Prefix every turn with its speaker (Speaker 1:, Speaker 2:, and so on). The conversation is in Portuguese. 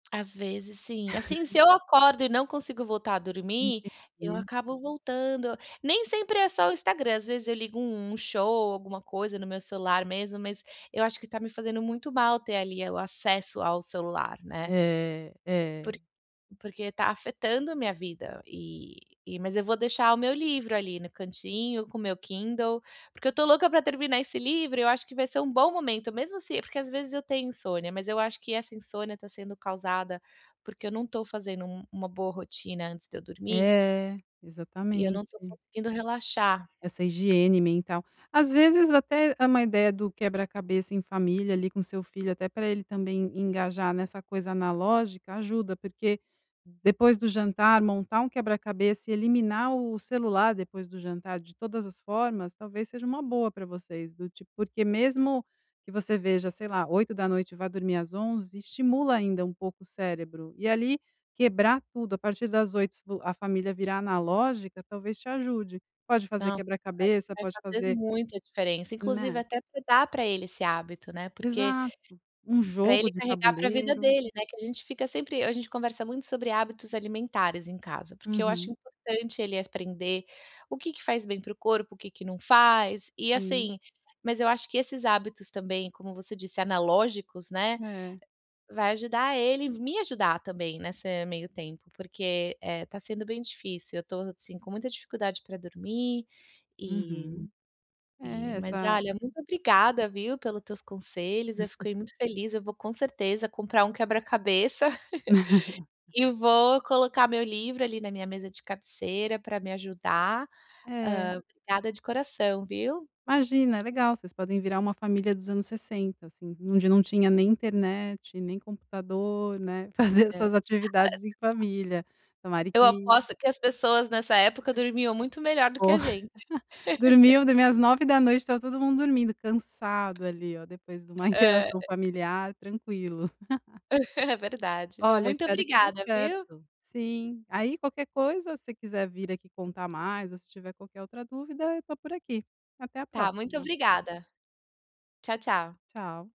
Speaker 1: Às vezes sim assim, se eu acordo e não consigo voltar a dormir, eu
Speaker 2: Entendi.
Speaker 1: acabo voltando, nem sempre é só o Instagram, às vezes eu ligo um um show, alguma coisa no meu celular mesmo, mas eu acho que tá me fazendo muito mal ter ali, eh, o acesso ao celular, né.
Speaker 2: É,
Speaker 1: Porq
Speaker 2: é.
Speaker 1: porque tá afetando a minha vida, eh eh, mas eu vou deixar o meu livro ali no cantinho com o meu Kindle, porque eu tô louca pra terminar esse livro, eu acho que vai ser um bom momento, mesmo, assi é porque às vezes eu tenho insônia, mas eu acho que essa insônia tá sendo causada porque eu não tô fazendo um uma boa rotina antes de eu dormir
Speaker 2: É.
Speaker 1: e eu não tô
Speaker 2: Exatamente.
Speaker 1: conseguindo relaxar
Speaker 2: Essa higiene mental às vezes até é uma ideia do quebra-cabeça em família, ali com o seu filho até pra ele também engajar nessa coisa analógica, ajuda, porque depois do jantar montar um quebra-cabeça e eliminar o celular, depois do jantar de todas as formas, talvez seja uma boa pra vocês do tipo porque mesmo que você veja, sei lá, 20h e vá dormir às 23h, estimula ainda um pouco o cérebro e ali quebrar tudo a partir das 20h a família virar analógica talvez te ajude. Pode fazer
Speaker 1: Não, acho que
Speaker 2: quebra-cabeça,
Speaker 1: vai
Speaker 2: pode
Speaker 1: fazer
Speaker 2: fazer
Speaker 1: muita diferença, inclusive
Speaker 2: Né?
Speaker 1: até pe dar pra ele esse hábito, né, porque,
Speaker 2: Exato, Um
Speaker 1: pra
Speaker 2: jogo
Speaker 1: ele
Speaker 2: de
Speaker 1: carregar pra vida
Speaker 2: tabuleiro.
Speaker 1: dele, né, que a gente fica sempre a gente conversa muito sobre hábitos alimentares em casa, porque eu acho
Speaker 2: Uhum.
Speaker 1: importante ele aprender o que que faz bem para o corpo, o que que não faz, e,
Speaker 2: Sim.
Speaker 1: assim mas eu acho que esses hábitos também, como você disse, analógicos, né,
Speaker 2: É.
Speaker 1: vai ajudar ele me ajudar também nessa meio tempo, porque, eh, tá sendo bem difícil, eu tô assim com muita dificuldade pra dormir, eh
Speaker 2: Uhum.
Speaker 1: eh,
Speaker 2: É,
Speaker 1: mas
Speaker 2: sai
Speaker 1: olha, muito obrigada viu, pelos teus conselhos, eu fiquei muito feliz, eu vou com certeza comprar um quebra-cabeça, e vou colocar meu livro ali na minha mesa de cabeceira pra me ajudar,
Speaker 2: É.
Speaker 1: hã, obrigada de coração, viu?
Speaker 2: Imagina, é legal, vocês podem virar uma família dos anos 60, assim, onde não tinha nem internet, nem computador, né, fazer
Speaker 1: É
Speaker 2: essas atividades em
Speaker 1: [unintelligible]
Speaker 2: família. Tomara
Speaker 1: Eu
Speaker 2: que
Speaker 1: aposto que as pessoas nessa época dormiam muito melhor do que
Speaker 2: Ô.
Speaker 1: a gente.
Speaker 2: Dormiam, dormiam às 21h estava todo mundo dormindo, cansado ali ó, depois de uma
Speaker 1: É.
Speaker 2: interação familiar, tranquilo.
Speaker 1: É verdade. Bom
Speaker 2: Olha
Speaker 1: muito
Speaker 2: espero que dê
Speaker 1: obrigada viu?
Speaker 2: certo. Sim. Aí qualquer coisa, se quiser vir aqui contar mais ou se tiver qualquer outra dúvida eu tô por aqui. Até a
Speaker 1: Tá, muito
Speaker 2: próxima.
Speaker 1: obrigada. Tchau tchau.
Speaker 2: Tchau.